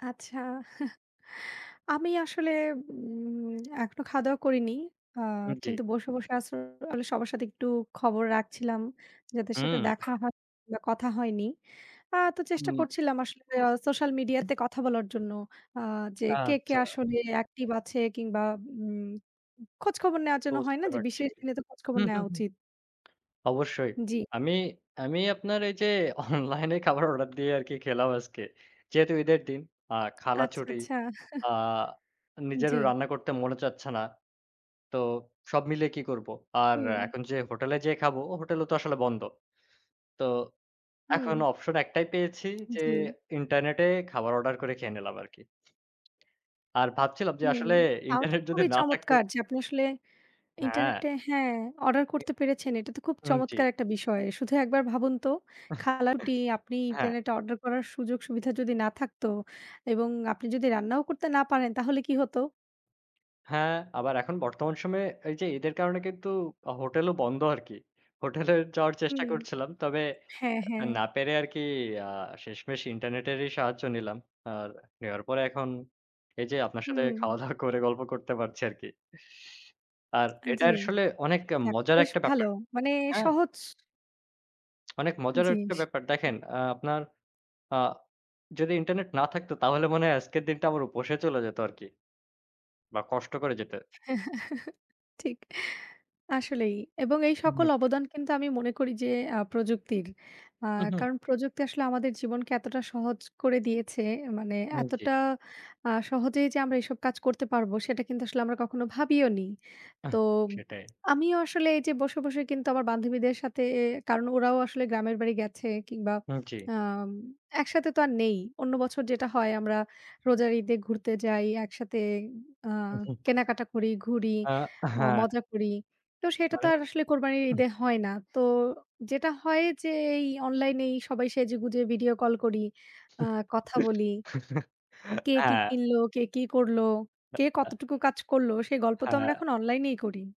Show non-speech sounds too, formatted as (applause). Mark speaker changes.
Speaker 1: আচ্ছা। (chuckles) আমি আসলে, উম এখনো খাওয়া-দাওয়া করিনি। আ
Speaker 2: হু, জ্বী।
Speaker 1: কিন্তু বসে, বসে আসলে সবার সাথে একটু খবর রাখছিলাম। যাদের সাথে
Speaker 2: হুম।
Speaker 1: দেখা হয়নি বা কথা হয়নি। আ তো চেষ্টা
Speaker 2: হুম।
Speaker 1: করছিলাম আসলে সোশ্যাল মিডিয়াতে কথা বলার জন্য। আ যে কে, কে
Speaker 2: আচ্ছা।
Speaker 1: আসলে অ্যাক্টিভ আছে কিংবা উম উ খোঁজখবর নেওয়ার জন্য হয় না?
Speaker 2: বুঝতে
Speaker 1: যে বিশেষ
Speaker 2: পারছি।
Speaker 1: দিনে তো খোঁজখবর
Speaker 2: হু, হু,
Speaker 1: নেয়া
Speaker 2: হু।
Speaker 1: উচিত।
Speaker 2: অবশ্যই।
Speaker 1: জ্বি।
Speaker 2: আমি, আমি আপনার এইযে, অনলাইনে খাবার অর্ডার দিয়ে আরকি খেলাম আজকে। যেহেতু ঈদের দিন, আ খালা
Speaker 1: আচ্ছা,
Speaker 2: ছুটি।
Speaker 1: আচ্ছা।
Speaker 2: আ
Speaker 1: (chuckles)
Speaker 2: নিজেরও
Speaker 1: জ্বি।
Speaker 2: রান্না করতে মনে চাচ্ছে না। তো সব মিলিয়ে কি করবো? আর
Speaker 1: হুম।
Speaker 2: এখন যে হোটেলে যেয়ে খাবো, হোটেলেও তো আসলে বন্ধ। তো
Speaker 1: হুম।
Speaker 2: এখন অপশন একটাই পেয়েছি যে,
Speaker 1: জ্বি।
Speaker 2: ইন্টারনেটে খাবার অর্ডার করে খেয়ে নিলাম আরকি। আর ভাবছিলাম যে
Speaker 1: হু,
Speaker 2: আসলে
Speaker 1: তাও তো
Speaker 2: ইন্টারনেট যদি
Speaker 1: খুবই
Speaker 2: না থাকতো
Speaker 1: চমৎকার যে আপনি আসলে,
Speaker 2: হ্যাঁ।
Speaker 1: ইন্টারনেটে হ্যাঁ অর্ডার করতে পেরেছেন, এটা তো খুব
Speaker 2: হু, জ্বি।
Speaker 1: চমৎকার একটা বিষয়। শুধু একবার ভাবুন তো
Speaker 2: (chuckles)
Speaker 1: খালাটি আপনি
Speaker 2: হ্যাঁ।
Speaker 1: ইন্টারনেটে অর্ডার করার সুযোগ সুবিধা যদি না থাকতো এবং আপনি যদি রান্নাও করতে না পারেন, তাহলে কি হতো?
Speaker 2: হ্যাঁ, আবার এখন বর্তমান সময়ে এইযে ঈদের কারণে কিন্তু আ হোটেলও বন্ধ আরকি। হোটেলে যাওয়ার চেষ্টা
Speaker 1: হুম।
Speaker 2: করছিলাম। তবে
Speaker 1: হ্যাঁ,
Speaker 2: আ
Speaker 1: হ্যাঁ।
Speaker 2: না পেরে আরকি আ শেষমেষ ইন্টারনেটেরই সাহায্য নিলাম। আর নেওয়ার পরে এখন এইযে আপনার সাথে
Speaker 1: হুম।
Speaker 2: খাওয়া-দাওয়া করে গল্প করতে পারছি আরকি। আর, এটা
Speaker 1: জ্বি।
Speaker 2: আসলে অনেক এ
Speaker 1: যাক
Speaker 2: মজার
Speaker 1: বেশ
Speaker 2: একটা
Speaker 1: ভালো।
Speaker 2: ব্যাপার।
Speaker 1: মানে
Speaker 2: হ্যাঁ?
Speaker 1: সহজ
Speaker 2: (smacks lips) অনেক মজার একটা
Speaker 1: জিস
Speaker 2: ব্যাপার। দেখেন আ আপনার আ যদি ইন্টারনেট না থাকতো তাহলে মনে হয় আজকের দিনটা আমার উপসে চলে যেত আরকি। বা কষ্ট করে যেতে
Speaker 1: (chuckles) ঠিক। আসলেই। এবং এই
Speaker 2: উম
Speaker 1: সকল
Speaker 2: জি।
Speaker 1: অবদান কিন্তু আমি মনে করি যে আ প্রযুক্তির। আ
Speaker 2: হুম, হুম।
Speaker 1: কারণ প্রযুক্তি আসলে আমাদের জীবনকে এতটা সহজ করে দিয়েছে। এ মানে
Speaker 2: হুম, জ্বী।
Speaker 1: এতটা আ সহজেই যে আমরা এসব কাজ করতে পারব সেটা কিন্তু আসলে আমরা কখনো ভাবিওনি। তো
Speaker 2: আহ! সেটাই।
Speaker 1: আমিও আসলে এইযে বসে, বসে কিন্তু আমার বান্ধবীদের সাথে এ কারণ ওরাও আসলে গ্রামের বাড়ি গেছে কিংবা
Speaker 2: হু, জ্বী।
Speaker 1: আম একসাথে তো আর নেই, অন্য বছর যেটা হয় আমরা রোজার ঈদে ঘুরতে যাই একসাথে আ কেনাকাটা করি, ঘুরি
Speaker 2: আ
Speaker 1: আ
Speaker 2: হ্যাঁ।
Speaker 1: মজা করি। তো সেটা তো
Speaker 2: মানে
Speaker 1: আর আসলে কোরবানির ঈদে হয় না, তো যেটা হয় যে এই অনলাইনেই সবাই সেজেগুঁজে ভিডিও কল করি, আ কথা বলি।
Speaker 2: (chuckles)
Speaker 1: কে কি
Speaker 2: হ্যাঁ
Speaker 1: কিনলো? কে কি করলো? কে কতটুকু কাজ করলো? সে গল্প
Speaker 2: হ্যাঁ,
Speaker 1: তো আমরা
Speaker 2: হ্যাঁ।
Speaker 1: এখন অনলাইনেই করি।